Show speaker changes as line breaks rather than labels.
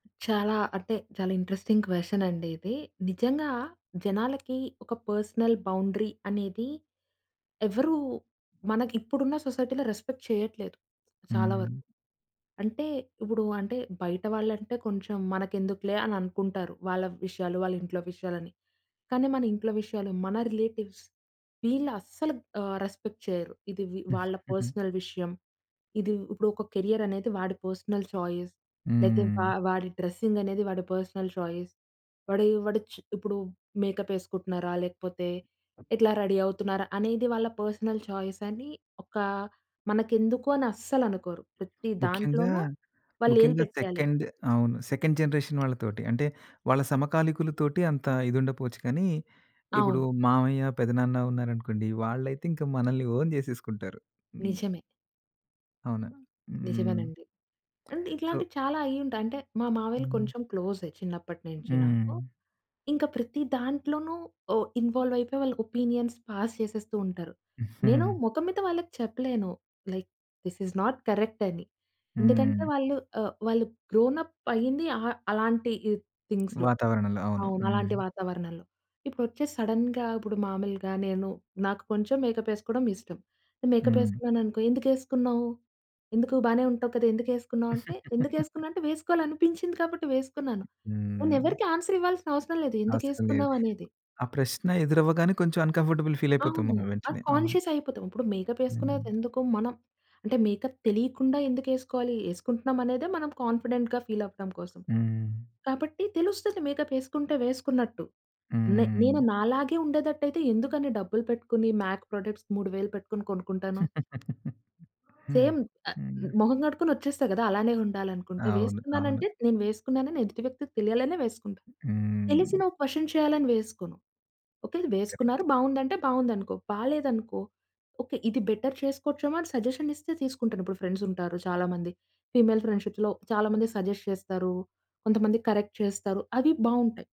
చాలా అంటే చాలా ఇంట్రెస్టింగ్ క్వె‌షన్ అండి ఇది. నిజంగా జనాలకి ఒక పర్సనల్ బౌండరీ అనేది ఎవ్వరు మనకి ఇప్పుడున్న సొసైటీ‌లో రెస్పెక్ట్ చేయట్లేదు. చాలా వరకు.
హ్మ్.
అంటే ఇప్పుడు అంటే బయట వాళ్ళంటే కొంచెం మనకెందుకులే అని అనుకుంటారు. వాళ్ళ విషయాలు, వాళ్ళ ఇంట్లో విషయాలు అని. కానీ మన ఇంట్లో విషయాలు మన రిలేటివ్స్ వీళ్ళు అస్సలుగా ఆహ్, రెస్పెక్ట్ చేయరు. ఇది వి వాళ్ళ పర్సనల్ విషయం. ఇది ఇప్పుడు ఒక కెరియరనేది వాడి పర్సనల్ చాయిస్. లేతే వా
హ్మ్.
వాడి డ్రెస్సింగ్ అనేది వాడి పర్సనల్ చాయిస్. వాడేయే వాడొచ్చు ఇప్పుడు మేకప్ ఎసుకుంటున్నారా? లేకపోతే ఎట్లా రెడీ అవుతున్నారా? అనేది వాళ్ళ పర్సనల్ చాయిసని ఒక మనకెందుకో అని అస్సలనుకోరు. ప్రతి
ముఖ్యంగా,
దాంట్లోనూ వాళ్ళేలు
ముఖ్యంగా
పెట్టేయాలి.
సెకండ్ అవును. సెకండ్ జనరేషన్ వాళ్ళ తోటి. అంటే, వాళ్ళ సమకాలికులు తోటి అంత ఇది ఉండకపోవచ్చు కానీ. ఇప్పుడు
అవును.
మామయ్య, పెదనాన్న ఉన్నారనుకోండి వాళ్ళైతే ఇంకా మనల్ని ఓన్ చేసేసుకుంటారు. హ్మ్.
నిజమే.
అవునా? హ్మ్.
నిజమేనండి. అంటే
సో
ఇట్లాంటివి చాలా అయ్యింటాయి. అంటే మా మావయ్యలు
హ్మ్.
కొంచెం క్లోజే చిన్నప్పటి నుంచి నాకు.
హ్మ్.
ఇంక ప్రతి దాంట్లోనూ ఓ ఇన్వాల్వ్ అయిపోయి వాళ్ళ ఒపీనియన్స్ పాస్ చేసేస్తూ ఉంటారు. నేను మొఖం మీద వాళ్ళకి చెప్పలేను. Like this is not correct అని. ఎందుకంటే
హ్మ్.
వాళ్ళు ఆహ్, వాళ్ళు గ్రోనప్ అయ్యింది అ అలాంటి ఈ థింగ్స్‌లో.
వాతావరణంలో అవును.
అవును. అలాంటి
హ్మ్.
వాతావరణంలో. ఇప్పుడొచ్చేసి సడెన్‌గా ఇప్పుడు మామూలుగా నేను నాకు కొంచెం మేకప్ ఏసుకోవడం ఇష్టం. మేకప్
హ్మ్.
ఏసుకున్నాననుకో, "ఎందుకేసుకున్నావు? ఎందుకు? బానే ఉంటావు కదా! ఎందుకేసుకున్నావు?" అంటే, ఎందుకేసుకున్నా అంటే వేసుకోవాలి అనిపించింది కాబట్టి వేసుకున్నాను. నేను
హ్మ్.
ఎవ్వరికీ ఆన్స‌ర్ ఇవ్వాల్సిన అవసరం లేదు.
అవసరం లేదు.
ఎందుకేసుకున్నావనేది.
ఆ ప్రశ్న ఎదురవ్వగానే కొంచెం అన్ కం‌ఫర్టబుల్ ఫీల్ అయిపోతాం
అవును.
మనం
అది
వెంటనే. అవును.
కాన్షియస్ అయిపోతాం. ఇప్పుడు మేకప్ ఎసుకునేది
హ్మ్.
ఎందుకు మనం అంటే మేకప్ తెలియకుండా ఎందుకేసుకోవాలి. ఏసుకుంటున్నాం అనేదే మనం కాన్ఫిడెంట్‌గా ఫీల్ అవ్వడం కోసం.
హ్మ్.
కాబట్టి తెలుస్తది మేకప్ ఏసుకుంటే వేసుకున్నట్టు. నే నేను
హ్మ్.
నాలాగే ఉండేదట్ట‌యితే ఎందుకన్ని డబ్బులు పెట్టుకొని, మ్యాక్ ప్రొడక్ట్స్ 3,000 పెట్టుకొని కొనుక్కుంటాను.
హ్మ్.
సేమ్. ఆ! మొహం గడుక్కుని వచ్చేస్తా గదా! అలానే ఉండాలనుకుంటే,
అవును. అవును.
వేసుకున్నానంటే నేను వేసుకున్నానని ఎదుటి వ్యక్తికి తెలియాలనే వేసుకుంటాను.
హ్మ్.
తెలిసినా క్వషన్ చేయాలని వేసుకోను. ఓకే. వేసుకున్నారు
కరెక్ట్.
బావుందంటే, బావుందనుకో. బాలేదనుకో, ఓకే. ఇది బెటర్ చేసుకోవచ్చేమో అని సజెషన్ ఇస్తే తీసుకుంటాను. ఇప్పుడు ఫ్రెండ్స్ ఉంటారు చాలా మంది ఫీమేల్ ఫ్రెండ్షిప్‌లో చాలా మంది సజెస్ట్ చేస్తారు, కొంతమంది కరెక్ట్ చేస్తారు, అవి బావుంటాయి.